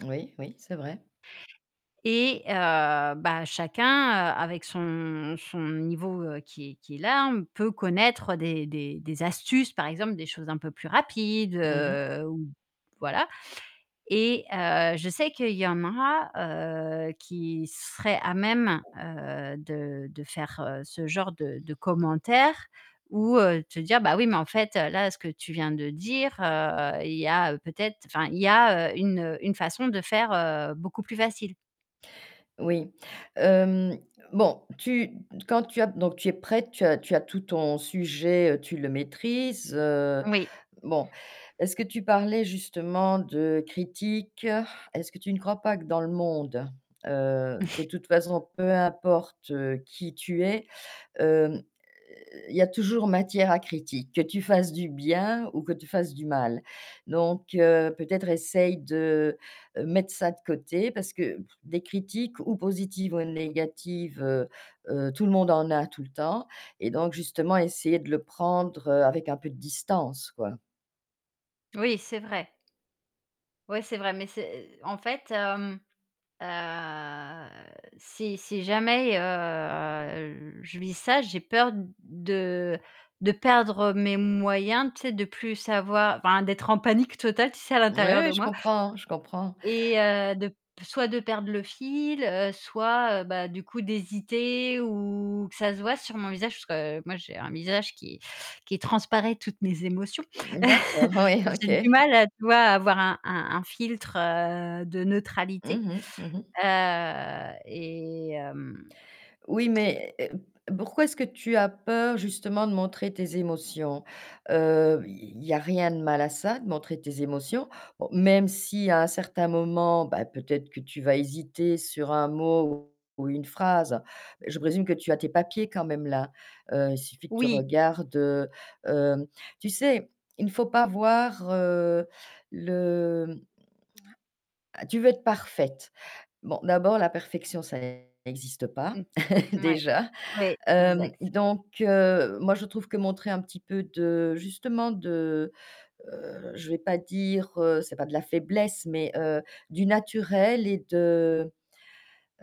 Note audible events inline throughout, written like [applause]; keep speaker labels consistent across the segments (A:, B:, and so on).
A: Oui, oui, c'est vrai.
B: Et heu, bah, chacun, avec son son niveau qui est qui est là, on peut connaître des des des astuces, par exemple, des choses un peu plus rapides,
A: Mmh mh.
B: heu, ou voilà. Et heu, je sais qu'il y en a, heu, qui seraient à même, heu, de de faire ce genre de de commentaires ou, heu, te dire: «Bah, oui, mais en fait, là ce que tu viens de dire, heu, il y a, heu, peut-être enfin, il y a, heu, une, heu, une façon de faire, heu, beaucoup plus facile».
A: Oui, hem, bon, tu quand tu as donc tu es prête, tu as tu as tout ton sujet, heu, tu le maîtrises, heu,
B: Oui.
A: bon, est-ce que tu parlais justement de critiques? Est-ce que tu ne crois pas que dans le monde, heu, de
B: [chuckles]
A: toute façon peu importe qui tu es, hem, heu, il y a toujours matière à critique. Que tu fasses du bien ou que tu fasses du mal. Donc heu, peut-être essaye de mettre ça de côté parce que des critiques ou positives ou négatives, heu heu, tout le monde en a tout le temps et donc justement essayer de le prendre, heu, avec un peu de distance, quoi.
B: Oui, c'est vrai. Ouais, c'est vrai, mais c'est, heu, en fait, hem, heu, si si jamais, heu, je vis ça, j'ai peur de de perdre mes moyens, tu sais, de plus savoi enfin d'être en panique totale, tu sais, à
A: Oui,
B: l'intérieur
A: oui,
B: de
A: je
B: moi
A: comprends, je comprends.
B: et heu, de p soit de perdre le fil, heu, soit, heu, bah, du coup d'hésiter ou que ça se voie sur mon visage parce que moi j'ai un visage qui qui transparaît toutes mes émotions.
A: D'accord,
B: [chuckles]
A: ouais,
B: J'ai
A: OK.
B: du mal à, tu vois, avoir un un un filtre, heu, de neutralité,
A: Mmh mh. Mmh mh.
B: heu, et hem
A: Oui, mais, pourquoi est-ce que tu as peur justement de montrer tes émotions? Heu, il y a rien de mal à ça, de montrer tes émotions. Bon, même si à un certain moment, bah, peut-être que tu vas hésiter sur un mot ou une phrase, je présume que tu as tes papiers quand même là. Heu, suffit que tu
B: Oui.
A: regardes, heu, hem tu sais, il ne faut pas voir, heu, le, mmh Tu veux être parfaite. Bon, d'abord la perfection ça n'existe pas,
B: Mmh,
A: [chuckles]
B: mouais,
A: déjà.
B: ouais,
A: Hem,
B: exact.
A: donc heu, moi je trouve que montrer un petit peu de justement de, heu, je vais pas dire c'est pas de la faiblesse, mais, heu, du naturel et de,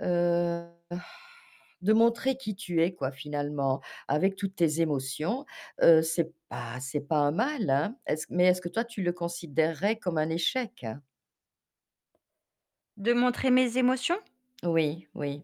A: heu [sighs] de montrer qui tu es, quoi, finalement, avec toutes tes émotions, heu, c'est pas c'est pas un mal, hein! Est-ce mais est-ce que toi tu le considérerais comme un échec?
B: De montrer mes émotions?
A: Oui, oui.